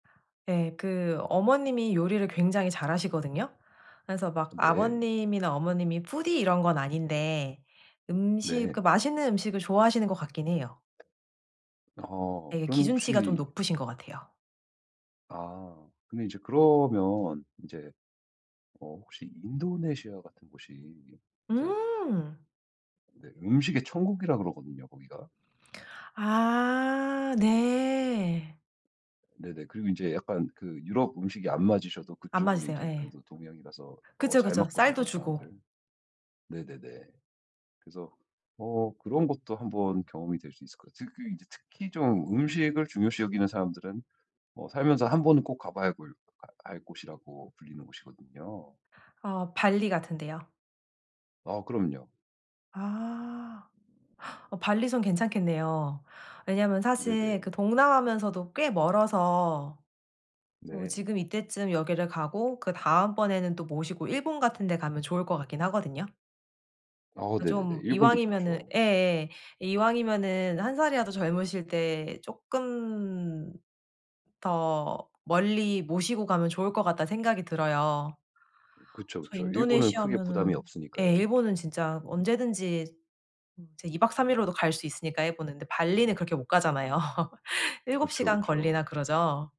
예. 그 어머님이 요리를 굉장히 잘하시거든요. 그래서 막 네. 아버님이나 어머님이 푸디 이런 건 아닌데 음식 네. 그러니까 맛있는 음식을 좋아하시는 것 같긴 해요. 어 예 그러면 기준치가 좀 혹시 높으신 것 같아요. 아. 근데 이제 그러면 인제 어 혹시 인도네시아 같은 곳이 이제 음. 네 음식의 천국이라 그러거든요 거기가. 아 네. 네네. 그리고 인제 약간 그 유럽 음식이 안 맞으셔도 안 그쪽은 맞으세요. 이제 예. 그래도 동양이라서 어 그죠, 잘 그죠. 맞거든요 쌀도 주고. 한국사람들. 네네네. 그래서 어 그런 것도 1 번 경험이 될 수 있을 것 같아요. 그 그 이제 특히 좀 음식을 중요시 여기는 사람들은 어 살면서 1 번은 꼭 가봐야 골 가 갈 곳이라고 불리는 곳이거든요. 아 발리 같은 데요? 아 그럼요. 아. 발리에선 괜찮겠네요. 왜냐하면 사실 네네. 그 동남아면서도 꽤 멀어서 어 네. 지금 이때쯤 여기를 가고 그다음번에는 또 모시고 일본 같은 데 가면 좋을 것 같긴 하거든요. 아 네네네. 좀 일본도 이왕이면은 좋죠. 예예. '이왕이면은 1 살이라도 젊으실 때 쪼끔 더 멀리 모시고 가면 좋을 것 같다.'는 생각이 들어요. 그쵸, 그래서 그쵸. 일본은 크게 부담이 인도네시아면은 예 없으니까요. 일본은 진짜 언제든지 음 이제 2 박 3 일로도 갈 수 있으니까 일본은. 근데 발리는 그렇게 못 가잖아요. 7 그쵸, 시간 걸리나 그쵸. 그러죠.